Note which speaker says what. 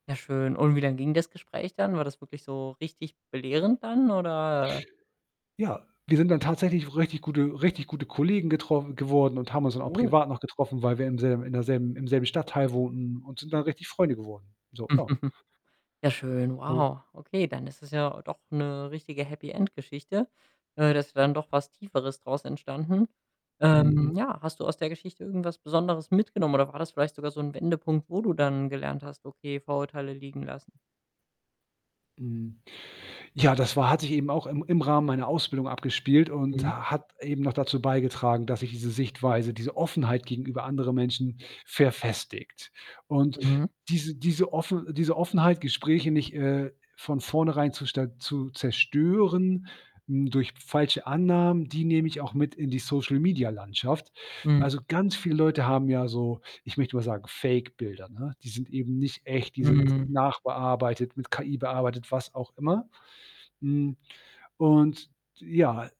Speaker 1: Ja, schön. Und wie lang ging das Gespräch dann? War das wirklich so richtig belehrend dann oder, äh
Speaker 2: Ja, wir sind dann tatsächlich so richtig gute richtig gute Kollegen getroffen geworden und haben uns dann auch
Speaker 1: Cool.
Speaker 2: privat noch getroffen, weil wir im selb in der selben im selben Stadtteil wohnten und sind dann richtig Freunde geworden. So, ja.
Speaker 1: Ja schön,
Speaker 2: Hm.
Speaker 1: wow. Okay, dann ist es ja doch 'ne richtige Happy-End-Geschichte. Äh, das wär doch was Tieferes draus entstanden.
Speaker 2: Mhm.
Speaker 1: Ähm,
Speaker 2: Mhm.
Speaker 1: ja, hast du aus der Geschichte irgendwas Besonderes mitgenommen oder war das vielleicht sogar so 'n Wendepunkt, wo du dann gelernt hast: „Okay, Vorurteile liegen lassen.“
Speaker 2: Mhm, ja, das war hat sich eben auch im im Rahmen meiner Ausbildung abgespielt und
Speaker 1: Mhm.
Speaker 2: ha hat eben noch dazu beigetragen, dass sich diese Sichtweise, diese Offenheit gegenüber anderen Menschen verfestigt und
Speaker 1: Mhm.
Speaker 2: diese diese Offen diese Offenheit, Gespräche nicht, äh, von vornherein zu sta zu zerstören, hm, durch falsche Annahmen, die nehme ich auch mit in die Social-Media-Landschaft.
Speaker 1: Mhm.
Speaker 2: Also, ganz viele Leute haben ja so, ich möchte mal sagen, Fake-Bilder, ne? Die sind eben nicht echt, die sind
Speaker 1: Mhm.
Speaker 2: nachbearbeitet, mit KI bearbeitet, was auch immer. Hm, und, ja